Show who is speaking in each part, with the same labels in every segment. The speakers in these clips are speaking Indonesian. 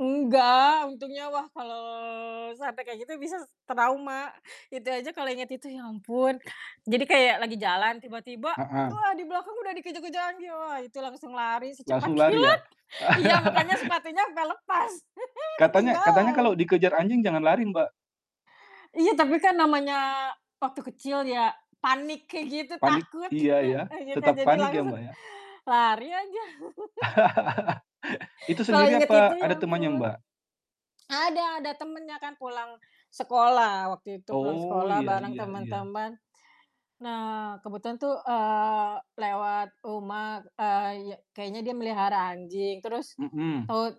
Speaker 1: Enggak, untungnya wah kalau sampe kayak gitu bisa s trauma. Itu aja kalau inget itu ya ampun, jadi kayak lagi jalan tiba-tiba,
Speaker 2: Heeh.
Speaker 1: wah di belakang udah dikejar-kejar anjing, wah itu langsung lari secepat
Speaker 2: Langsung lari
Speaker 1: kilat.
Speaker 2: ya?
Speaker 1: Iya, makanya sepatunya sampe lepas,
Speaker 2: Katanya katanya
Speaker 1: ketinggalan.
Speaker 2: kalau dikejar anjing jangan lari Mbak.
Speaker 1: Iya tapi kan namanya waktu kecil ya, panik kayak gitu
Speaker 2: Panik? Iya
Speaker 1: takutnya,
Speaker 2: ya,
Speaker 1: iya
Speaker 2: tetap
Speaker 1: kan jadi
Speaker 2: panik ya
Speaker 1: langsung
Speaker 2: Mbak, ya?
Speaker 1: lari aja.
Speaker 2: Itu
Speaker 1: Kalau
Speaker 2: sendiri
Speaker 1: inget itu
Speaker 2: apa ada
Speaker 1: ya
Speaker 2: temannya
Speaker 1: ampun.
Speaker 2: Mbak?
Speaker 1: Ada ada temennya kan pulang sekolah, waktu itu pulang
Speaker 2: Oh
Speaker 1: sekolah
Speaker 2: iya
Speaker 1: bareng
Speaker 2: iya iya.
Speaker 1: temen-temen. Nah kebetulan tuh, eee, lewat rumah, eee, ya kayaknya dia melihara anjing terus
Speaker 2: Mhm.
Speaker 1: tahu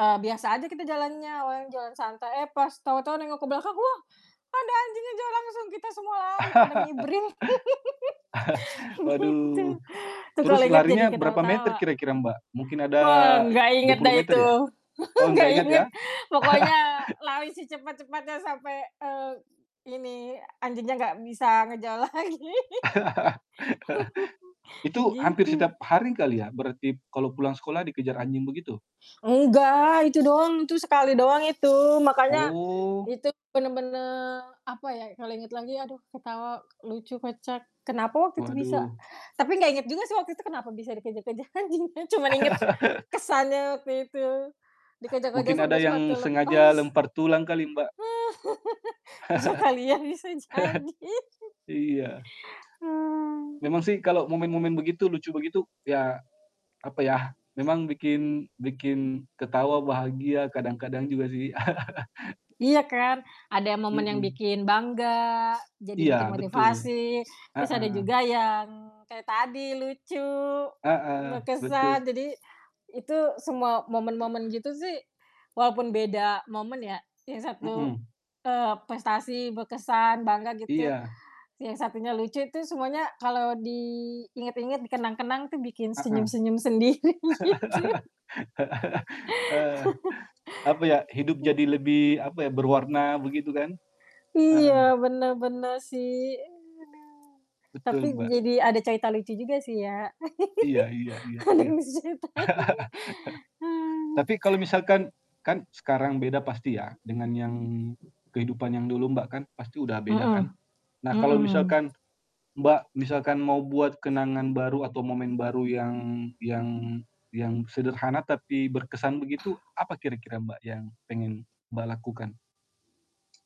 Speaker 1: eee, biasa aja kita jalannya, awalnya jalan santai, eh pas tahu-tahu nengok ke belakang, wah ada anjing ngejar langsung kita semua lari pada ngibrit gitu.
Speaker 2: Waduh,
Speaker 1: tuh
Speaker 2: terus
Speaker 1: kalau inget jadi
Speaker 2: larinya berapa meter
Speaker 1: ketawa-tawa.
Speaker 2: kira-kira Mbak? Mungkin ada
Speaker 1: Wah, nggak
Speaker 2: dua
Speaker 1: inget
Speaker 2: puluh
Speaker 1: dah
Speaker 2: meter
Speaker 1: itu,
Speaker 2: ya? Oh nggak
Speaker 1: nggak
Speaker 2: inget ya?
Speaker 1: inget, pokoknya lari secepet-cepetnya sampai, eee, ini anjingnya nggak bisa ngejar lagi
Speaker 2: Itu hampir
Speaker 1: Gitu.
Speaker 2: setiap hari kali ya, berarti kalau pulang sekolah dikejar anjing begitu?
Speaker 1: Enggak, itu doang itu sekali doang itu makanya
Speaker 2: Oh.
Speaker 1: itu bener-bener apa ya, kalau inget lagi aduh ketawa lucu kocak. Kenapa waktu itu bisa
Speaker 2: Waduh.
Speaker 1: tapi nggak inget juga sih waktu itu kenapa bisa dikejar-kejar anjing ya cuman inget kesannya waktu itu dikejar-kejar
Speaker 2: Mungkin ada
Speaker 1: sampai
Speaker 2: yang
Speaker 1: sepatu
Speaker 2: sengaja
Speaker 1: lepas.
Speaker 2: lempar tulang kali Mbak.
Speaker 1: Ya kali ya, bisa jadi.
Speaker 2: Iya.
Speaker 1: Mmm.
Speaker 2: Memang sih kalau momen-momen begitu lucu begitu ya, apa yah, memang bikin bikin ketawa, bahagia kadang-kadang juga sih.
Speaker 1: Iya kan, ada momen yang
Speaker 2: Mhm.
Speaker 1: bikin bangga jadi
Speaker 2: Iya,
Speaker 1: bikin
Speaker 2: betul.
Speaker 1: motivasi, terus ada
Speaker 2: Heeh.
Speaker 1: juga yang kayak tadi lucu,
Speaker 2: Heeh, betul.
Speaker 1: berkesan jadi itu semua momen-momen gitu sih walaupun beda momen ya yang satu,
Speaker 2: Mhm.
Speaker 1: eee, prestasi, berkesan, bangga gitu
Speaker 2: Iya.
Speaker 1: yang satunya lucu itu semuanya kalau diinget-inget, dikenang-kenang tuh bikin
Speaker 2: Heeh.
Speaker 1: senyum-senyum sendiri gitu.
Speaker 2: Ah, apa ya, hidup jadi
Speaker 1: Mmm.
Speaker 2: lebih apa ya, berwarna begitu kan? Heeh.
Speaker 1: Iya benar benar sih, iya aduh.
Speaker 2: Betul,
Speaker 1: Tapi
Speaker 2: Mbak.
Speaker 1: jadi ada cerita lucu juga sih ya.
Speaker 2: Iya iya iya
Speaker 1: Ada
Speaker 2: iya.
Speaker 1: yang bisa diceritain. Hmm.
Speaker 2: Tapi kalau misalkan kan sekarang beda pasti ya dengan yang kehidupan yang dulu Mbak, kan pasti udah beda kan.
Speaker 1: Mhm,
Speaker 2: Nah kalau
Speaker 1: mhm.
Speaker 2: misalkan Mbak, misalkan mau buat kenangan baru atau momen baru yang yang yang sederhana tapi berkesan begitu, apa kira-kira Mbak, yang pengen Mbak lakukan?